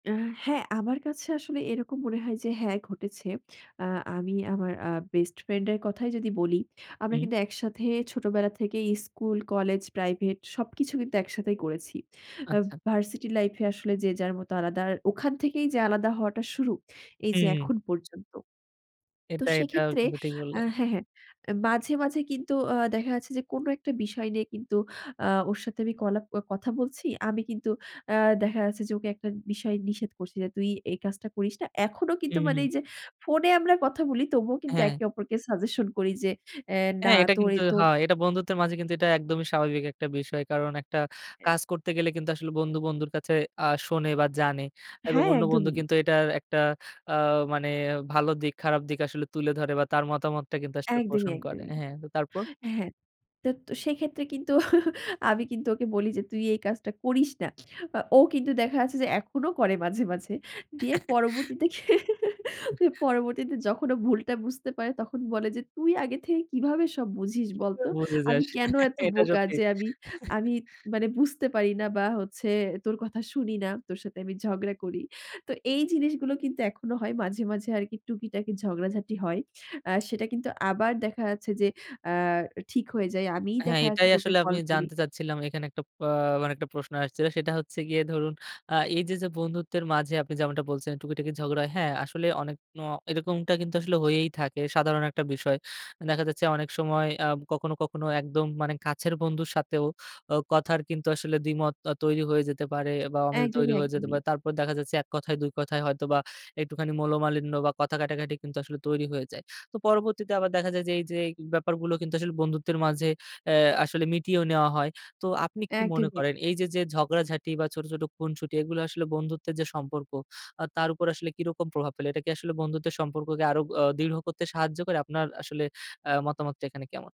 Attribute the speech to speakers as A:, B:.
A: অ্যা হ্যাঁ, আমার কাছে আসলে এরকম মনে হয় যে হ্যাঁ, ঘটেছে। অ্যা আমি আমার আ বেস্ট ফ্রেন্ডের কথাই যদি বলি। আমরা
B: হুম।
A: কিন্তু একসাথে ছোটবেলা থেকেই স্কুল, কলেজ, প্রাইভেট সবকিছু কিন্তু একসাথেই করেছি। অ্যা
B: আচ্ছা।
A: ভার্সিটি লাইফে আসলে যে যার মতো আলাদা। আর ওখান থেকেই যে আলাদা হওয়াটা শুরু, এই যে
B: হুম।
A: এখন পর্যন্ত। তো
B: এটা, এটাও
A: সেক্ষেত্রে
B: কিন্তু ঠিক
A: আ
B: বললেন।
A: হ্যাঁ, হ্যাঁ, অ্যা মাঝে, মাঝে কিন্তু আ দেখা যাচ্ছে যে, কোন একটা বিষয় নিয়ে কিন্তু আ ওর সাথে আমি কলা কথা বলছি। আমি কিন্তু অ্যা দেখা যাচ্ছে যে, ওকে একটা বিষয়ে নিষেধ করছি যে, তুই এই কাজটা করিস না। এখনো কিন্তু
B: হুম,
A: মানে
B: হুম।
A: এই যে ফোনে আমরা কথা বলি, তবুও কিন্তু
B: হ্যাঁ।
A: একে অপরকে সাজেশন করি যে অ্যা না
B: হ্যাঁ, এটা
A: তোর এ
B: কিন্তু
A: তোর
B: হয়। এটা বন্ধুত্বের মাঝে কিন্তু এটা একদমই স্বাভাবিক একটা বিষয়। কারণ একটা কাজ করতে গেলে কিন্তু আসলে বন্ধু, বন্ধুর কাছে আ শোনে বা জানে। এবং
A: হ্যাঁ,
B: অন্য বন্ধু
A: একদমই।
B: কিন্তু এটার একটা আ মানে ভালো দিক, খারাপ দিক আসলে তুলে ধরে বা তার মতামতটা কিন্তু আসলে
A: একদমই,
B: পোষণ করে।
A: একদমই।
B: হ্যাঁ, তো তারপর?
A: হ্যাঁ। তো সেক্ষেত্রে কিন্তু আমি কিন্তু ওকে বলি যে তুই এই কাজটা করিস না। অ ও কিন্তু দেখা যাচ্ছে যে, এখনো করে মাঝে, মাঝে। গিয়ে পরবর্তীতে, পরবর্তীতে যখন ও ভুলটা বুঝতে পারে, তখন বলে যে তুই আগে থেকে কিভাবে সব বুঝিস বলতো?
B: বুঝে
A: আমি
B: যাস।
A: কেন এত
B: এটা
A: বোকা
B: সত্যি।
A: যে, আমি আমি মানে বুঝতে পারি না বা হচ্ছে তোর কথা শুনি না, তোর সাথে আমি ঝগড়া করি। তো এই জিনিসগুলো কিন্তু এখনো হয় মাঝে, মাঝে আরকি টুকিটাকি ঝগড়াঝাটি হয়। আ সেটা কিন্তু আবার দেখা যাচ্ছে যে, অ্যা ঠিক হয়ে যায়। আমিই
B: হ্যাঁ,
A: দেখা যাচ্ছে
B: এটাই
A: যে ওকে
B: আসলে আমি
A: কল করি।
B: জানতে চাচ্ছিলাম, এখানে একটা প মানে একটা প্রশ্ন আসছে। সেটা হচ্ছে গিয়ে ধরুন আ এই যে, যে বন্ধুত্বের মাঝে আপনি যেমনটা বলছেন, টুকিটাকি ঝগড়া হয়। হ্যাঁ, আসলে অনেক ন এরকমটা কিন্তু আসলে হয়েই থাকে, সাধারণ একটা বিষয়। দেখা যাচ্ছে অনেক সময় অ্যা কখনো, কখনো একদম মানে কাছের বন্ধুর সাথেও ও কথার কিন্তু আসলে দ্বিমত আ তৈরি হয়ে যেতে পারে বা অমিল তৈরি
A: একদমই,
B: হয়ে যেতে
A: একদমই।
B: পারে। তারপর দেখা যাচ্ছে, ১ কথায়, ২ কথায় হয়তো বা একটুখানি মনোমালিন্য বা কথা কাটাকাটি কিন্তু আসলে তৈরি হয়ে যায়। তো পরবর্তীতে আবার দেখা যায় যে, এই যে, এই ব্যাপারগুলো কিন্তু আসলে বন্ধুত্বের মাঝে অ্যা আসলে মিটিয়েও নেওয়া হয়। তো আপনি কি মনে
A: একদমই। এক
B: করেন এই যে, যে ঝগড়া-ঝাঁটি বা ছোট, ছোট খুনসুটি, এগুলো আসলে বন্ধুত্বের যে সম্পর্ক, আ তার উপর আসলে কিরকম প্রভাব ফেলে? এটা কি আসলে বন্ধুত্বের সম্পর্ককে আরও অ দৃড় করতে সাহায্য করে, আপনার আসলে অ্যা মতামতটা এখানে কেমন?